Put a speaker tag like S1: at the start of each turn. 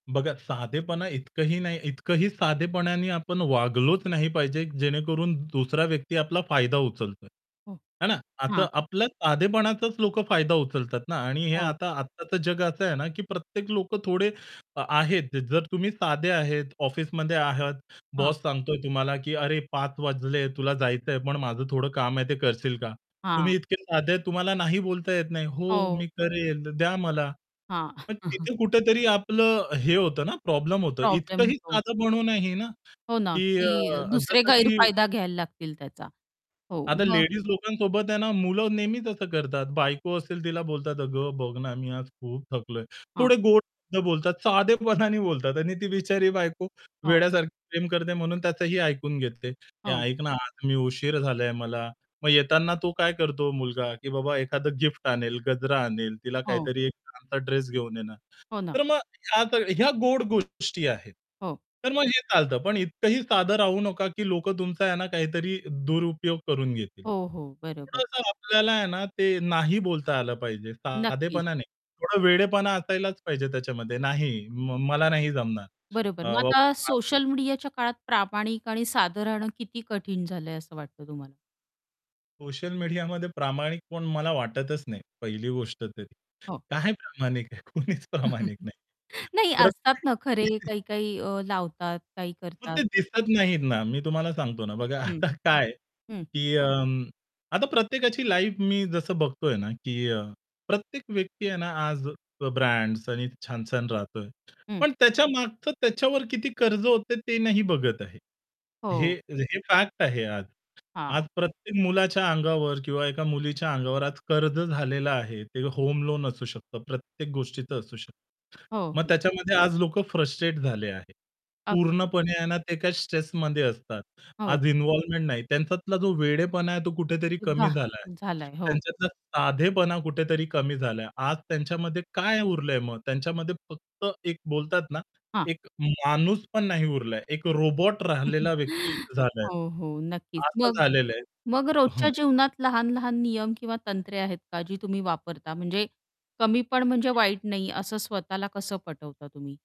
S1: बघा साधेपणा इतकंही नाही, इतकंही साधेपणाने आपण वागलोच नाही पाहिजे, जेणेकरून दुसरा व्यक्ती आपला फायदा उचलतोय.
S2: हो.
S1: है ना, आता
S2: हां.
S1: आपल्याला साधेपणाचाच लोकं फायदा उचलतात ना, आणि हे
S2: हो.
S1: आता आत्ताचं जग असं आहे ना, की प्रत्येक लोकं थोडे अ, आहेत. जर तुम्ही साधे आहेत, ऑफिसमध्ये आहात,
S2: हां.
S1: बॉस सांगतोय तुम्हाला, की "अरे 5 वाजले, तुला जायचं आहे, पण माझं थोडं काम आहे, ते करशील का"?
S2: हां.
S1: तुम्ही इतके साधे आहेत, तुम्हाला नाही बोलता येत नाही. "हो
S2: हो.
S1: मी करेल, तर द्या मला".
S2: हां.
S1: पण तिथे कुठेतरी आपलं हे होतं ना, प्रॉब्लेम होतं.
S2: प्रॉब्लेम
S1: इतकंही
S2: होतो.
S1: साधं बनू नाही ना,
S2: हो ना,
S1: की अ
S2: की
S1: अ,
S2: दुसरे
S1: जसं की
S2: गैरफायदा घ्यायला लागतील त्याचा. हो,
S1: आता
S2: मग
S1: लेडीज लोकांसोबत आहे ना, मुलं नेहमीच असं करतात. बायको असेल तिला बोलतात "अगं बघ ना, मी आज खूप थकलोय"
S2: हां.
S1: थोडे गोड शब्द बोलतात, साधेपणाने बोलतात आणि ती बिचारी बायको,
S2: हो.
S1: वेड्यासारखी प्रेम करते म्हणून त्याचंही ऐकून घेते. "ए
S2: हो.
S1: ऐक ना, आज मी उशीर झालाय मला". मग येतांना तो काय करतो मुलगा, की बाबा एखादं गिफ्ट आणेल, गजरा आणेल, तिला
S2: हो.
S1: काहीतरी एक चांगलं ड्रेस घेऊन येणार.
S2: हो
S1: तर
S2: ना.
S1: मग ह्या सगळे ह्या गोड गोष्टी आहेत,
S2: हो.
S1: तर मग हे चालतं. पण इतकंही साधं राहू नका, की लोकं तुमचा आहे ना, काहीतरी दुरुपयोग करून घेतील.
S2: हो, हो. बरोबर.
S1: थोडसं आपल्याला आहे ना, ते नाही बोलता आलं पाहिजे.
S2: नक्कीच.
S1: साधेपणा नाही, थोडा वेडेपणा असायलाच पाहिजे त्याच्यामध्ये. नाही म मला नाही जमणार.
S2: बरोबर. मग
S1: अ
S2: आता
S1: [unintelligible]
S2: सोशल मीडियाच्या काळात प्रामाणिक आणि साधं राहणं किती कठीण झालं आहे असं वाटतं तुम्हाला?
S1: सोशल मीडियामध्ये प्रामाणिक कोण मला वाटतचं नाही. पहिली गोष्ट तरी
S2: हो.
S1: काय प्रामाणिक आहे, कुणीच प्रामाणिक नाही.
S2: नाही असतात
S1: प्रत्येक
S2: ना, खरे
S1: व्यक्ती.
S2: काही-काही अ, लावतात, काही
S1: मग
S2: करतात.
S1: ते दिसत नाहीत ना, मी तुम्हाला सांगतो ना. बघा
S2: हं.
S1: आता काय
S2: हं.
S1: की अं आता प्रत्येकाची लाईफ मी जसं बघतोय ना, की अ, प्रत्येक व्यक्ती आहे ना, आज अ, ब्रँड्स आणि छान-छान राहतोय.
S2: हं.
S1: पण त्याच्यामागचं त्याच्यावर किती कर्ज होतं आहे, ते नाही बघत आहे. हे
S2: हो.
S1: हे फॅक्ट आहे आज. आज
S2: हां.
S1: प्रत्येक मुलाच्या अंगावर, किंवा एका मुलीच्या अंगावर आज कर्ज झालेलं आहे, ते होम लोन असू शकतं, प्रत्येक गोष्टीचं असू शकतं.
S2: हो,
S1: मग
S2: हो.
S1: त्याच्यामध्ये आज लोकं फ्रस्ट्रेट झाले आहेत.
S2: अगदी.
S1: पूर्णपणे आहे ना, ते काही स्ट्रेसमध्ये असतात.
S2: हो.
S1: आज इन्व्हॉल्वमेंट नाही. त्यांच्यातला जो वेडेपणा आहे, तो कुठेतरी कमी
S2: वाह!
S1: झालाय.
S2: झालयं, हो.
S1: त्यांच्यातला साधेपणा कुठेतरी कमी झालाय. आज त्यांच्यामध्ये काय उरलं आहे मग. त्यांच्यामध्ये फक्त एक बोलतात ना,
S2: हां.
S1: एक माणूस पण नाही उरलाय, एक रोबोट राहिलेला व्यक्ती झालाय.
S2: हो, हो नक्कीच.
S1: असं
S2: मग
S1: झालेलं
S2: मग
S1: आहे
S2: रोजच्या
S1: हं.
S2: जीवनात लहान-लहान नियम, किंवा तंत्रे आहेत का जी तुम्ही वापरता? म्हणजे कमी पण म्हणजे वाईट नाही असं स्वतःला कसं पटवता तुम्ही?